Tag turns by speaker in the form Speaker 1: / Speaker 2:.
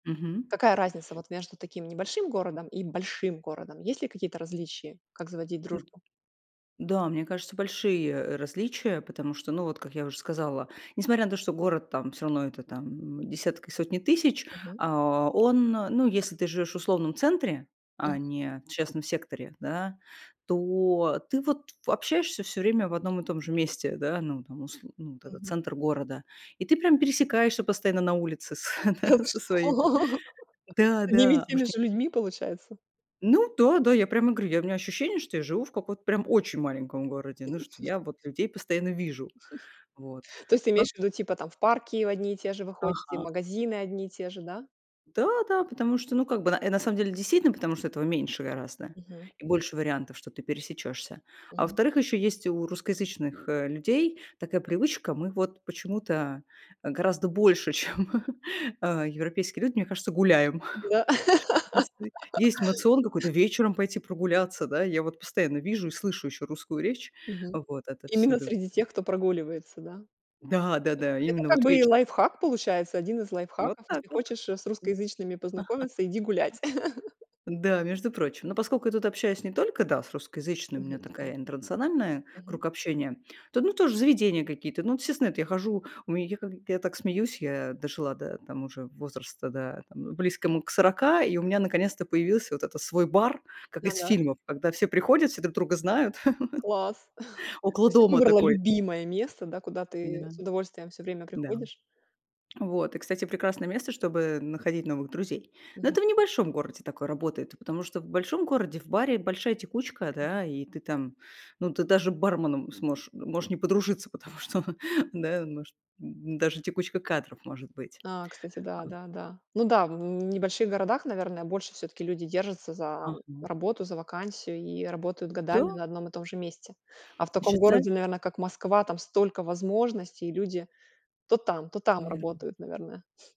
Speaker 1: Мгм.
Speaker 2: Какая разница вот между таким небольшим городом и большим городом? Есть ли какие-то различия, как заводить
Speaker 1: М.
Speaker 2: дружбу?
Speaker 1: Да, мне кажется, большие, э, различия, потому что, ну, вот как я уже сказала, несмотря на то, что город там, всё равно это там десятки и сотни тысяч,
Speaker 2: Мгм.
Speaker 1: а, он, ну, если ты живешь в условном центре,
Speaker 2: Мгм.
Speaker 1: а не в частном секторе, да, то ты, вот, в, общаешься всё время в одном и том же месте. Да. Ну там усл ну вот этот
Speaker 2: Мгм.
Speaker 1: центр города, и ты прям пересекаешься постоянно на улице с
Speaker 2: Да
Speaker 1: да,
Speaker 2: ты
Speaker 1: со своими.
Speaker 2: что,
Speaker 1: Да,
Speaker 2: с одними и
Speaker 1: да,
Speaker 2: теми
Speaker 1: может не
Speaker 2: же людьми, получается?
Speaker 1: Ну да, да, я прямо говорю, у меня ощущение, что я живу в каком-то прям очень маленьком городе, ну что я вот людей постоянно вижу. Вот.
Speaker 2: То есть, ты
Speaker 1: Пра
Speaker 2: имеешь в виду, типа там в парки одни и те же вы ходите, в
Speaker 1: Ага.
Speaker 2: магазины одни и те же, да?
Speaker 1: Да, да, потому что, ну, как бы, э, на самом деле, действительно, потому что этого меньше гораздо
Speaker 2: Мгм.
Speaker 1: и больше вариантов, что ты пересечешься. А
Speaker 2: Мгм.
Speaker 1: во-вторых, еще есть у русскоязычных, э, людей такая привычка, мы вот почему-то, э, гораздо больше, чем, э, европейские люди, мне кажется, гуляем.
Speaker 2: Да.
Speaker 1: У нас ты есть моцион какой-то вечером пойти прогуляться, да, я вот постоянно вижу и слышу ещё русскую речь
Speaker 2: Мгм.
Speaker 1: вот
Speaker 2: Именно
Speaker 1: отовсюду.
Speaker 2: среди тех, кто прогуливается. Да.
Speaker 1: Да, да-да,
Speaker 2: Это
Speaker 1: именно
Speaker 2: как
Speaker 1: вот
Speaker 2: бы и
Speaker 1: вечером.
Speaker 2: лайфхак получается, 1 из
Speaker 1: Вот
Speaker 2: лайфхаков.
Speaker 1: так
Speaker 2: Если
Speaker 1: вот, м.
Speaker 2: хочешь с, э, русскоязычными
Speaker 1: Ага.
Speaker 2: познакомиться, иди гулять.
Speaker 1: Да, между прочим. Но поскольку я тут общаюсь не только, да, с русскоязычным, у
Speaker 2: Мгм.
Speaker 1: меня
Speaker 2: Ну коне
Speaker 1: такая интернациональная,
Speaker 2: Мгм.
Speaker 1: круг общения. То ну тоже заведения какие-то, ну естественно, эт я хожу. У меня, я как, я так смеюсь, я дожила до там уже возраста, да там, э, близкому к 40, и у меня наконец-то появился вот этот свой бар, как
Speaker 2: На,
Speaker 1: из
Speaker 2: на.
Speaker 1: фильмов. Когда все приходят, все друг друга знают,
Speaker 2: Класс! То
Speaker 1: около
Speaker 2: есть ты
Speaker 1: дома
Speaker 2: выбрала
Speaker 1: такой.
Speaker 2: любимое место, да, куда ты
Speaker 1: Да.
Speaker 2: с удовольствием всё время
Speaker 1: Да.
Speaker 2: приходишь.
Speaker 1: Вот, и, кстати, прекрасное место, чтобы находить новых друзей. Но
Speaker 2: Мгм.
Speaker 1: это в небольшом городе такое работает, и потому что в большом городе, в баре большая текучка.
Speaker 2: М.
Speaker 1: Да, и ты там, ну, ты даже барменом сможешь, э, можешь не подружиться. Потому что, да, может д даже текучка кадров может быть.
Speaker 2: А. Кстати, да,
Speaker 1: А.
Speaker 2: да, да. Ну да, в в небольших городах, наверное, больше всё-таки люди держатся за
Speaker 1: Ага.
Speaker 2: работу, за вакансию и работают годами
Speaker 1: Да.
Speaker 2: на одном и том же месте. А в таком
Speaker 1: Исчезаль
Speaker 2: городе, наверно, как Москва, там столько возможностей и люди то там, то там
Speaker 1: Верно.
Speaker 2: работают, наверное.